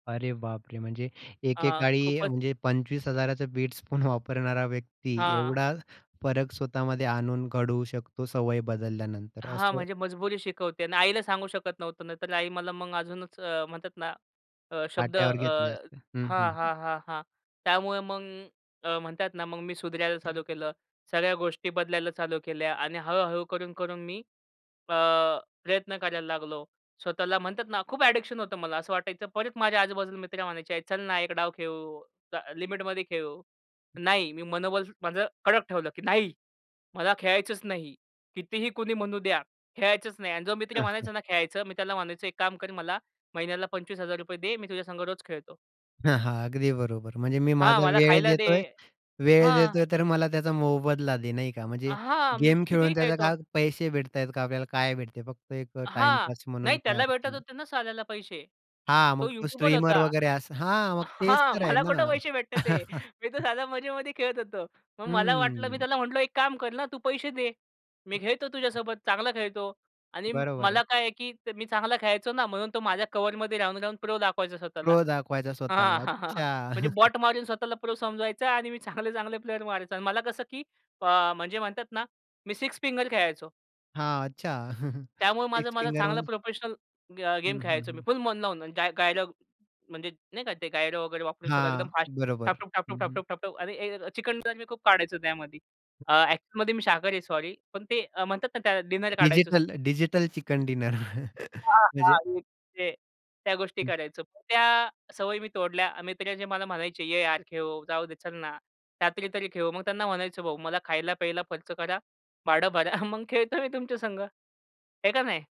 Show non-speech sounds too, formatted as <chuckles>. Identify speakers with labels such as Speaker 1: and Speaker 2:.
Speaker 1: अरे बाप रे! म्हणजे
Speaker 2: अ,
Speaker 1: एकेकाळी
Speaker 2: खूपच
Speaker 1: म्हणजे 25 हजारचं बिट्सपून वापरणारा व्यक्ती
Speaker 2: हां.
Speaker 1: एवढा फरक स्वतःमध्ये आणून घडवू शकतो सवय बदलल्यानंतर
Speaker 2: हां,
Speaker 1: असं.
Speaker 2: म्हणजे मजबुरी शिकवते आणि आईला सांगू शकत नव्हतो, नाही तर आई मला मग अजूनच अ, म्हणतात ना शब्द अ
Speaker 1: पाट्यावर घेतले असते. हं,
Speaker 2: हां,
Speaker 1: हं.
Speaker 2: हां, हां, हां. त्यामुळे मग अ, म्हणतात ना मग मी सुधारायला चालू केलं, सगळ्या गोष्टी बदलायला चालू केल्या आणि हळू-हळू करून, करून मी अ, प्रयत्न करायला लागलो. स्वतःला म्हणतात ना खूप एडिक्शन होतं, मला असं वाटायचं. परत माझ्या आजूबाजूला मित्र म्हणायचे, "चल ना एक डाव खेळू, ल लिमिटमध्ये खेळू." नाही, मी मनोबल माझं कडक ठेवलं, की नाही मला खेळायचंच नाही. कितीही कुणी म्हणू द्या, खेळायचंच नाही आणि जो मित्र
Speaker 1: <chuckles>
Speaker 2: म्हणायचा ना, "खेळायचं," मी त्याला म्हणायचो, "एक काम कर, मला महिन्याला ₹25,000 दे, मी तुझ्यासंग रोज खेळतो."
Speaker 1: हां, हां, अगदी बरोबर. म्हणजे मी
Speaker 2: हां,
Speaker 1: माझा
Speaker 2: मला
Speaker 1: वेळ
Speaker 2: खायला दे.
Speaker 1: देतोय वेळ
Speaker 2: हां.
Speaker 1: देतोय, तर मला त्याचा मोबदला दे, नाही का? म्हणजे
Speaker 2: हां, मी
Speaker 1: गेम
Speaker 2: कितीही
Speaker 1: खेळून त्याचा
Speaker 2: खेळतो.
Speaker 1: काय पैसे भेटत आहेत का? आपल्याला काय भेटते? फक्त एक
Speaker 2: हां,
Speaker 1: टाईमपास
Speaker 2: नाही
Speaker 1: म्हणून काही
Speaker 2: त्याला
Speaker 1: अर्थ
Speaker 2: भेटत
Speaker 1: नाही.
Speaker 2: होते ना साल्याला पैसे.
Speaker 1: हां,
Speaker 2: तो
Speaker 1: मग तो
Speaker 2: युट्युबर
Speaker 1: स्ट्रीमर
Speaker 2: होता.
Speaker 1: वगैरे असं. हां, मग तेच
Speaker 2: हां,
Speaker 1: तर आहे
Speaker 2: मला
Speaker 1: ना.
Speaker 2: कुठं पैसे भेटत आहे? मी तर साधं मजेमध्ये खेळत होतो. मग मला वाटलं, मी
Speaker 1: हम्म.
Speaker 2: त्याला म्हटलो, "एक काम कर ना, तू पैसे दे, मी खेळतो तुझ्यासोबत, चांगला खेळतो." आणि
Speaker 1: बरोबर
Speaker 2: मला
Speaker 1: आहे.
Speaker 2: काय आहे, की मी चांगला खेळायचो ना, म्हणून तो माझ्या कव्हरमध्ये राहून-राहून प्रो दाखवायचा स्वतःला.
Speaker 1: प्रो दाखवायचा
Speaker 2: हां,
Speaker 1: स्वतःला.
Speaker 2: हां, हां.
Speaker 1: अच्छा!
Speaker 2: म्हणजे
Speaker 1: <chuckles>
Speaker 2: बॉट मारून स्वतःला प्रो समजवायचा आणि मी चांगले-चांगले प्लेयर मारायचा आणि मला कसं, की अ, म्हणजे म्हणतात ना, मी सिक्स फिंगर खेळायचो.
Speaker 1: हां, अच्छा! <chuckles>
Speaker 2: त्यामुळे माझा
Speaker 1: सिक्स
Speaker 2: माझा
Speaker 1: फिंगर
Speaker 2: चांगला
Speaker 1: म्हणजे
Speaker 2: प्रोफेशनल ग
Speaker 1: हं,
Speaker 2: गेम
Speaker 1: हं,
Speaker 2: खेळायचो मी,
Speaker 1: हं.
Speaker 2: फुल मन लावून. गाय गायरो म्हणजे नाही का ते गायरो वगैरे वापरून सगळं
Speaker 1: हां,
Speaker 2: एकदम फास्ट ठप,
Speaker 1: बरोबर.
Speaker 2: ठप, ठप,
Speaker 1: हं,
Speaker 2: ठप, ठप,
Speaker 1: हं.
Speaker 2: ठप, ठप, ठप आणि चिकन डिनर मी खूप काढायचो त्यामध्ये. अ, ॲक्च्युअलमध्ये मी शाकाहारी आहे, सॉरी पण ते अ, म्हणतात ना त्या डिनर काढायचं.
Speaker 1: डिजिटल डिजिटल चिकन डिनर,
Speaker 2: हां,
Speaker 1: म्हणजे
Speaker 2: हां, ते त्या गोष्टी
Speaker 1: हं.
Speaker 2: करायचो. त्या सवयी मी तोडल्या. मित्र जे मला म्हणायचे, "ये यार खेळू, जाऊ दे, चल ना रात्री तरी खेळू." मग त्यांना म्हणायचो, "भाऊ, मला खायला-प्यायला खर्च करा, भाडं भरा, मग खेळतो मी तुमच्यासंग." आहे का नाही?